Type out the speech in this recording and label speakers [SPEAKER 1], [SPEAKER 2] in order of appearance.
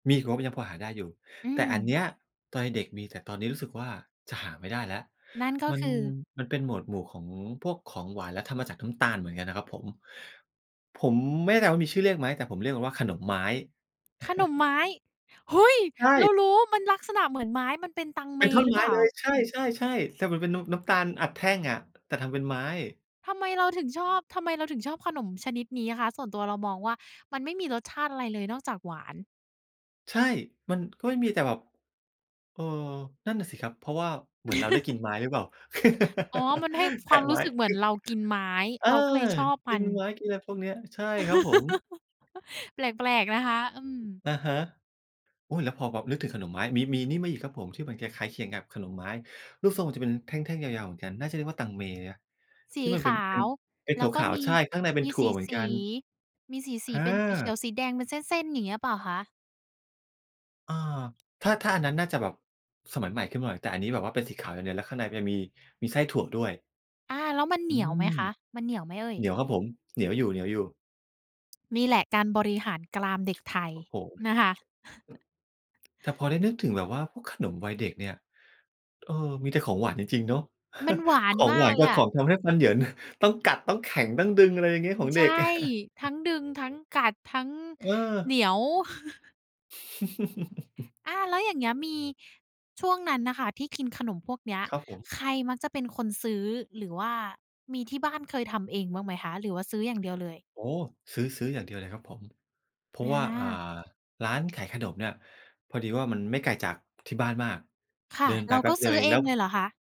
[SPEAKER 1] มีอีกงบยังพอหาได้อยู่
[SPEAKER 2] อื
[SPEAKER 1] แต่อันเ
[SPEAKER 2] ม
[SPEAKER 1] นี้ย ตอนเด็ก ๆ มี แต่ตอนนี้รู้สึกว่าจะหาไม่ได้แล้ว
[SPEAKER 2] นั่นก็
[SPEAKER 1] มั
[SPEAKER 2] ค
[SPEAKER 1] น
[SPEAKER 2] ือ
[SPEAKER 1] มันเป็นโหมดหมู่ของพวกของหวาน แล้วทำมาจากน้ำตาลเหมือนกันนะครับผม ผมไม่แน่ใจว่ามีชื่อเรียกไหม แต่ผมเรียกกันว่าขนมไม้
[SPEAKER 2] ขนมไม้ เฮ้ย!
[SPEAKER 1] ใช
[SPEAKER 2] เรา
[SPEAKER 1] ่
[SPEAKER 2] รู้ มันลักษณะเหมือนไม้ มันเป็นตังเ
[SPEAKER 1] เ
[SPEAKER 2] ม
[SPEAKER 1] ป็นท่อน
[SPEAKER 2] หรื
[SPEAKER 1] ไ
[SPEAKER 2] อ
[SPEAKER 1] ม
[SPEAKER 2] เป
[SPEAKER 1] ้
[SPEAKER 2] ล่า?
[SPEAKER 1] เลย ใช่ ๆ ๆ แต่มันเป็นน้ำ น้ำตาลอัดแท่งอะ แต่ทำเป็นไม้
[SPEAKER 2] ทำไมเราถึงชอบ ทำไมเราถึงชอบขนมชนิดนี้คะ? ส่วนตัวเรามองว่ามันไม่มีรสชาติอะไรเลย นอกจากหวาน
[SPEAKER 1] ใช่ มัน ก็ไม่มี แต่แบบ เออ นั่นน่ะสิครับ เพราะว่าเหมือนเราได้กินไม้ หรือเปล่า
[SPEAKER 2] อ๋อ มันให้
[SPEAKER 1] แ
[SPEAKER 2] ค
[SPEAKER 1] ท
[SPEAKER 2] ว
[SPEAKER 1] ะ
[SPEAKER 2] ามร
[SPEAKER 1] ไม
[SPEAKER 2] ู้
[SPEAKER 1] ้
[SPEAKER 2] สึกเหมือนเรากินไม้
[SPEAKER 1] เออ
[SPEAKER 2] เราก็เลยชอบ
[SPEAKER 1] ก
[SPEAKER 2] ม
[SPEAKER 1] ิ
[SPEAKER 2] ัน
[SPEAKER 1] นไม้ กินอะไรพวกนี้ ใช่ครับผม
[SPEAKER 2] แปลก ๆ นะคะ อืม
[SPEAKER 1] อะฮะ อุ๊ย แล้วพอ พอนึกถึงขนมไม้ มี มีนี่มาอีกครับผม ที่มันคล้าย ๆ เคียงกับขนมไม้ ลูกทรงมันจะเป็นแท่ง ๆ ยาว ๆ เหมือนกัน น่าจะเรียกว่าตังเม ย
[SPEAKER 2] ส
[SPEAKER 1] ท
[SPEAKER 2] ี
[SPEAKER 1] ี่มันเ
[SPEAKER 2] ข
[SPEAKER 1] ป็น
[SPEAKER 2] า
[SPEAKER 1] เป็น
[SPEAKER 2] ว
[SPEAKER 1] เป็น
[SPEAKER 2] แล้วก็
[SPEAKER 1] ขาว
[SPEAKER 2] มี
[SPEAKER 1] ๆ ใช่ ข้างในเป็
[SPEAKER 2] ม
[SPEAKER 1] น
[SPEAKER 2] ี
[SPEAKER 1] ถั
[SPEAKER 2] ส
[SPEAKER 1] ่วเหมือนกั
[SPEAKER 2] ี
[SPEAKER 1] น
[SPEAKER 2] ๆ มีส
[SPEAKER 1] อ
[SPEAKER 2] ี ๆ เป็นสีเขี
[SPEAKER 1] า
[SPEAKER 2] ยว สีแดงเป็นเส้น ๆ อย่างนี้หรือเปล่าคะ?
[SPEAKER 1] อ่า ถ้า ถ้าอันนั้นน่าจะแบบสมัยใหม่ขึ้นมาหน่อย แต่อันนี้แบบว่าเป็นสีขาวอย่างเดียว แล้วข้างในจะมี มีไส้ถั่วด้วย
[SPEAKER 2] อา แล้วมันเห
[SPEAKER 1] อื
[SPEAKER 2] นียวไหม
[SPEAKER 1] ม
[SPEAKER 2] คะ มันเหนียวไหมเอ่
[SPEAKER 1] เห
[SPEAKER 2] ย?
[SPEAKER 1] นียวครับผม เหนียวอยู่ ๆ
[SPEAKER 2] นี่แหละการบริหารกรามเด็กไทย
[SPEAKER 1] โอ้โฮ
[SPEAKER 2] นะคะ
[SPEAKER 1] แต่พอได้นึกถึงแบบว่าพวกขนมวัยเด็กเนี่ย เออ มีแต่ของหวานจริง ๆ เนาะ
[SPEAKER 2] มันหวา
[SPEAKER 1] ข
[SPEAKER 2] น
[SPEAKER 1] อง
[SPEAKER 2] ม
[SPEAKER 1] หว
[SPEAKER 2] า
[SPEAKER 1] า
[SPEAKER 2] ก
[SPEAKER 1] น
[SPEAKER 2] เล
[SPEAKER 1] กั
[SPEAKER 2] ย
[SPEAKER 1] บ
[SPEAKER 2] ค
[SPEAKER 1] ข
[SPEAKER 2] ่ะ
[SPEAKER 1] องทำให้ฟันเหยิน ต้องกัด ต้องแข็ง ต้องดึง อะไรอย่างเงี
[SPEAKER 2] อ
[SPEAKER 1] ้
[SPEAKER 2] ื
[SPEAKER 1] ย ข
[SPEAKER 2] ม
[SPEAKER 1] อง
[SPEAKER 2] ใ
[SPEAKER 1] เ
[SPEAKER 2] ช
[SPEAKER 1] ด
[SPEAKER 2] ่
[SPEAKER 1] ็ก
[SPEAKER 2] ทั้งดึง ทั้งกัด ทั้ง
[SPEAKER 1] เ
[SPEAKER 2] เหน
[SPEAKER 1] ออ
[SPEAKER 2] ียว อา แล้วอย่างเงี้ย มี ช่วงนั้นน่ะค่ะ ที่กินขนมพวกเนี้ย
[SPEAKER 1] ครับผม
[SPEAKER 2] ใครมักจะเป็นคนซื้อ? หรือว่ามีที่บ้านเคยทำเองบ้างไหมคะ? หรือว่าซื้ออย่างเดียวเลย
[SPEAKER 1] โอ้โฮ ซื้อ ซื้ออย่างเดียวเลยครับผม เพรา
[SPEAKER 2] อ
[SPEAKER 1] ะว่า อ่า
[SPEAKER 2] า
[SPEAKER 1] ร้านขายขนมเนี่ย พอดีว่า มันไม่ไกลจาก ที่บ้านมาก
[SPEAKER 2] ค่
[SPEAKER 1] เด
[SPEAKER 2] ะ
[SPEAKER 1] ินไป
[SPEAKER 2] เรา
[SPEAKER 1] แป
[SPEAKER 2] ก
[SPEAKER 1] ๊
[SPEAKER 2] ็
[SPEAKER 1] บเด
[SPEAKER 2] ซ
[SPEAKER 1] ีย
[SPEAKER 2] ื้
[SPEAKER 1] ว
[SPEAKER 2] อ
[SPEAKER 1] เอ
[SPEAKER 2] เ
[SPEAKER 1] ง
[SPEAKER 2] อ
[SPEAKER 1] แล้
[SPEAKER 2] ง
[SPEAKER 1] ว
[SPEAKER 2] เลยเหรอคะ?